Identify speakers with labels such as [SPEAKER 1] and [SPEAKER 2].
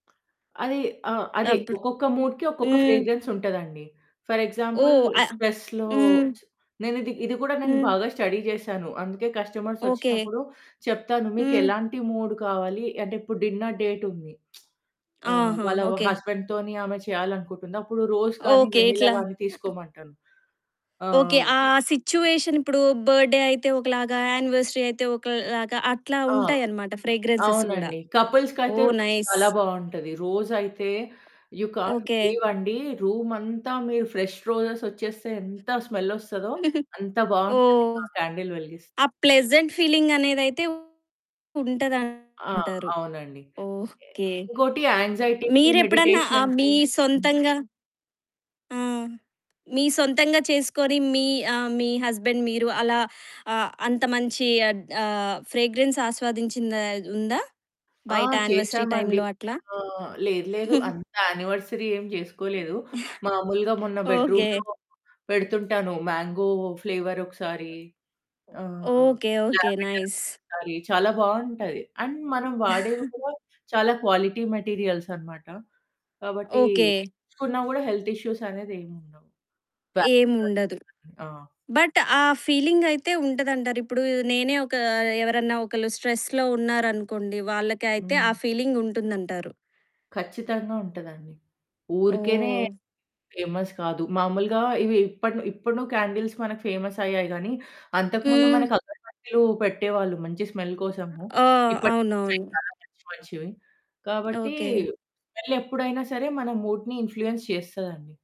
[SPEAKER 1] అది ఆ! అదే
[SPEAKER 2] అప్పుడు
[SPEAKER 1] ఒక్కొక్క మూడ్‌కి ఒక్కొక్క
[SPEAKER 2] హ్మ్.
[SPEAKER 1] ఫ్రేగ్రెన్స్ ఉంటదండి. ఫర్ ఎగ్జాంపుల్
[SPEAKER 2] ఓహ్! ఆ
[SPEAKER 1] స్ట్రెస్‌లో
[SPEAKER 2] హ్మ్.
[SPEAKER 1] చ్ నేనిది ఇది కూడా నేను
[SPEAKER 2] హ్మ్.
[SPEAKER 1] బాగా స్టడీ చేశాను. అందుకే కస్టమర్స్
[SPEAKER 2] ఓకే.
[SPEAKER 1] ఓచ్చినప్పుడు చెప్తాను,
[SPEAKER 2] హ్మ్.
[SPEAKER 1] "మీకెలాంటి మూడ్ కావాలి?" అంటే ఇప్పుడు డిన్నర్ డేట్ ఉంది. ఆహ్,
[SPEAKER 2] ఆహా!
[SPEAKER 1] వాళ్ళ
[SPEAKER 2] ఓకే.
[SPEAKER 1] హస్బెండ్‌తోని ఆమె చేయాలనుకుంటుంది. అప్పుడు రోజ్ కానీ,
[SPEAKER 2] ఓకే.
[SPEAKER 1] వెనిల్లా
[SPEAKER 2] ఇట్లా
[SPEAKER 1] గానీ
[SPEAKER 2] ఆ
[SPEAKER 1] తీసుకోమంటాను. ఆ!
[SPEAKER 2] ఓకే. ఆ
[SPEAKER 1] ఓకే.
[SPEAKER 2] సిట్యుయేషన్ ఇప్పుడు బర్త్‌డే అయితే ఒకలాగా, యానివర్సరీ అయితే ఒకలాగా, అట్లా
[SPEAKER 1] ఆ!
[SPEAKER 2] ఉంటాయన్నమాట ఫ్రేగ్రెన్సెస్ కూడా.
[SPEAKER 1] అవునండి. కపుల్స్‌కి అయితే
[SPEAKER 2] ఓహ్! నైస్.
[SPEAKER 1] చాలా బావుంటది. రోజ్ అయితే యు కాంట్
[SPEAKER 2] ఓకే.
[SPEAKER 1] బిలీవ్ అండి, రూమ్ అంతా మీరు ఫ్రెష్ రోజెస్ ఓచ్చేస్తే ఎంత స్మెల్ ఓస్తదో? అంత బావుంటది
[SPEAKER 2] ఓహ్!
[SPEAKER 1] ఆ క్యాండిల్ వెలిగిస్తే.
[SPEAKER 2] ఆ ప్లెజెంట్ ఫీలింగ్ అనేదైతే
[SPEAKER 1] ఆ!
[SPEAKER 2] ఉంటదంటారు.
[SPEAKER 1] అవునండి.
[SPEAKER 2] ఓకే.
[SPEAKER 1] ఇంకోటి యాంగ్జైటీకి,
[SPEAKER 2] మీరెప్పుడన్నా ఆ మీ
[SPEAKER 1] మెడిటేషన్‌కి హ్మ్.
[SPEAKER 2] సొంతంగా ఆ! మీ సొంతంగా చేసుకొని మీ ఆహ్, మీ హస్బెండ్ మీరు అలా ఆహ్, అంత మంచి అద్ ఆహ్, ఫ్రేగ్రెన్స్ ఆస్వాదించిందా ఉందా?
[SPEAKER 1] ఆ!
[SPEAKER 2] బయట యానివర్సరీ
[SPEAKER 1] చేశామండి.
[SPEAKER 2] టైమ్‌లో అట్లా?
[SPEAKER 1] ఆహ్, లేదు లేదు. అంత యానివర్సరీ ఏం చేసుకోలేదు. మామూలుగా మొన్న
[SPEAKER 2] ఓకే.
[SPEAKER 1] బెడ్రూమ్‌లో పెడుతుంటాను. మ్యాంగో ఫ్లేవర్ ఒకసారి ఆహ్,
[SPEAKER 2] ఓకే. ఓకే.
[SPEAKER 1] Lavender
[SPEAKER 2] nice.
[SPEAKER 1] ఒకసారి, చాలా బావుంటది. అండ్ మనం వాడేవి కూడా చాలా క్వాలిటీ మెటీరియల్స్ అనమాట. కాబట్టి
[SPEAKER 2] ఓకే.
[SPEAKER 1] పీల్చుకున్నా కూడా హెల్త్ ఇష్యూస్ అనేది ఏముండవు. [unintelligible]
[SPEAKER 2] ఏముండదు.
[SPEAKER 1] ఆ!
[SPEAKER 2] బట్ ఆ ఫీలింగ్ అయితే ఉంటదంటారు. ఇప్పుడు నేనే ఒక ఎవరన్నా ఒకళ్ళు స్ట్రెస్‌లో ఉన్నారనుకోండి వాళ్ళకైతే ఆ
[SPEAKER 1] హ్మ్.
[SPEAKER 2] ఫీలింగ్ ఉంటుందంటారు.
[SPEAKER 1] ఖచ్చితంగా ఉంటదండి. ఊరికేనే
[SPEAKER 2] ఓహ!
[SPEAKER 1] ఫేమస్ కాదు. మామూలుగా ఇవి ఇప్పడును ఇప్పడున క్యాండిల్స్ మనకు ఫేమస్ అయ్యాయిగానీ అంతకుముందు
[SPEAKER 2] హ్మ్.
[SPEAKER 1] మనకు అగర్బత్తులు పెట్టేవాళ్ళు. మంచి స్మెల్ కోసము.
[SPEAKER 2] ఆ!
[SPEAKER 1] ఇప్పుడు
[SPEAKER 2] అవునవును.
[SPEAKER 1] [unintelligible] మంచివి. కాబట్టి
[SPEAKER 2] ఓకే.
[SPEAKER 1] స్మెల్ ఎప్పుడైనా సరే మన మూడ్‌ని ఇన్ఫ్‌ఫ్లుయెన్స్ చేస్తదండి.